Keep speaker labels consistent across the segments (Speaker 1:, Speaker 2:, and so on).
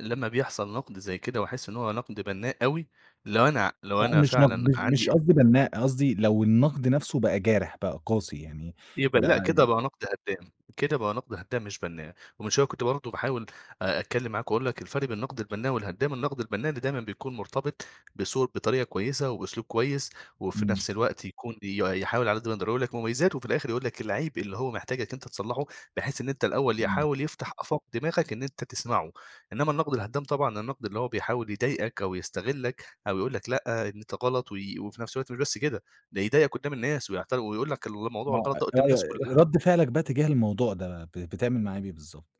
Speaker 1: لمّا بيحصل نقد زي كده وأحس إن هو نقد بنّاء أوي، لو أنا لو
Speaker 2: لأ،
Speaker 1: أنا
Speaker 2: مش نق
Speaker 1: فعلًا
Speaker 2: مش مش
Speaker 1: عندي
Speaker 2: قصدي بنّاء، قصدي لو النقد نَفْسه بَقى جارح، بَقى قاسي يعني،
Speaker 1: يبقى
Speaker 2: بَقى
Speaker 1: لأ، كده بَقى
Speaker 2: ي
Speaker 1: نقد هدّام. كده بَقى نقد هدّام مش بَنّاء. ومن شوية كنت برضه باحاول آآ، أتكلم معاك وأقول لك الفرق بين النقد البَنّاء والهدّام. النقد البَنّاء اللي دايمًا بيكون مرتبط بصوت، بطريقة كويسة وبأسلوب كويس، وفي
Speaker 2: إمم.
Speaker 1: نَفْس الوقت يكون بي يحاول على قد ما يقدر يقول لك مميزات، وفي الآخر يقول لك العيب اللي هو محتاجك أنت تصلحه، بحيث إن أنت الأول
Speaker 2: إمم.
Speaker 1: يحاول يفتح آفاق دماغك إن أنت تسمعه. إنما النقد الهدّام طبعًا النقد اللي هو بيحاول يضايقك أو يستغلك، أو يقول لك لأ، أنت غلط وي وفي نَفْس الوقت مش بس كده، ده يضايقك قُدّام الناس ويعت ويقول لك الموضوع
Speaker 2: ما هو
Speaker 1: الغلط ده قُدّام الناس
Speaker 2: ر
Speaker 1: كلها.
Speaker 2: رد فعلك بَقى اتجاه الموضوع ده ب بتعمل معاه إيه بالضبط؟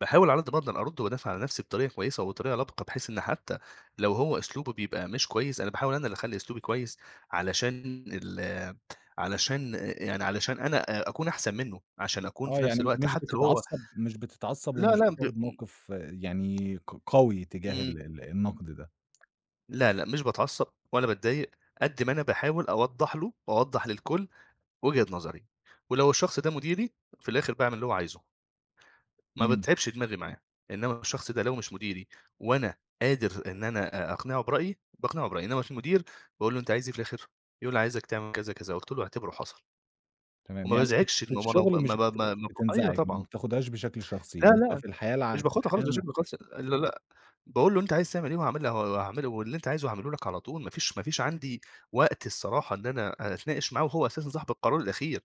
Speaker 1: باحاول على قد ما أقدَر أرد وأدافع على نَفْسي بطريقة كويسة وبطريقة لبقة، بحيث إن حتى لو هو أسلوبه بيبقى مش كويس، أنا باحاول أنا اللي أخلّي أسلوبي كويس علشان ال علشان يعني علشان أنا آآ، أكون أحسن منه، عشان أكون
Speaker 2: آه
Speaker 1: في نَفْس
Speaker 2: يعني
Speaker 1: الوقت
Speaker 2: مش
Speaker 1: حتى لو هو
Speaker 2: بتتعصب مش بتتعصب
Speaker 1: لا،
Speaker 2: ومش
Speaker 1: لا، ب
Speaker 2: بتاخد موقف يعني ق قوي تجاه
Speaker 1: إمم.
Speaker 2: ال النقد ده.
Speaker 1: لا، لا، مش باتعصب ولا باتضايق، قد ما أنا باحاول أوضّح له، وأوضّح للكل وجهة نظري. ولو الشخص ده مديري، في الآخر باعمل اللي هو عايزه. ما
Speaker 2: إمم.
Speaker 1: باتعبش دماغي معاه. إنما الشخص ده لو مش مديري، وأنا قادر إن أنا أ أقنعه برأيي، باقنعه برأيي. إنما المدير باقول له أنت عايز إيه في الآخر؟ يقول لي عايزك تعمل كذا، كذا. قُلت له اعتبره حصل.
Speaker 2: تمام،
Speaker 1: وما
Speaker 2: يعني في الش
Speaker 1: بازعجش
Speaker 2: في
Speaker 1: إن هو ما
Speaker 2: الشغل مش
Speaker 1: ما
Speaker 2: بت
Speaker 1: ما
Speaker 2: مش
Speaker 1: ما أيوه
Speaker 2: بتنزعج، ما
Speaker 1: طبعًا.
Speaker 2: بتاخدهاش بشكل شخصي،
Speaker 1: لا،
Speaker 2: إنما
Speaker 1: لا،
Speaker 2: في الحياة الع
Speaker 1: مش
Speaker 2: في
Speaker 1: باخاطر
Speaker 2: الحياة
Speaker 1: خالص.
Speaker 2: ال
Speaker 1: [unintelligible] لا، لا، باقول له أنت عايز تعمل إيه؟ وهاعمل وهاعمله، واللي أنت عايزه هاعمله لك على طول ما فيش ما فيش عندي وقت الصراحة إن أنا أتناقش معاه، وهو أساسًا صاحب القرار الأخير.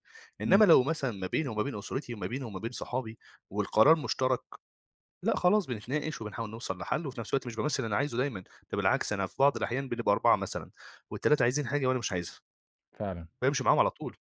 Speaker 2: إمم.
Speaker 1: إنما لو مثلًا ما بيني وما بين أسرتي، وما بيني وما بين صحابي، والقرار مُشتَرَك، لأ، خلاص بنتناقش وبنحاول نوصل لحل، وفي نَفْس الوقت مش بامثل اللي أنا عايزه دايمًا. ده بالعكس أنا في بعض الأحيان بنبقى 4 مثلًا، و3 عايزين حاجة وأنا مش عايزها.
Speaker 2: فعلًا.
Speaker 1: بامشي معاهم على طول.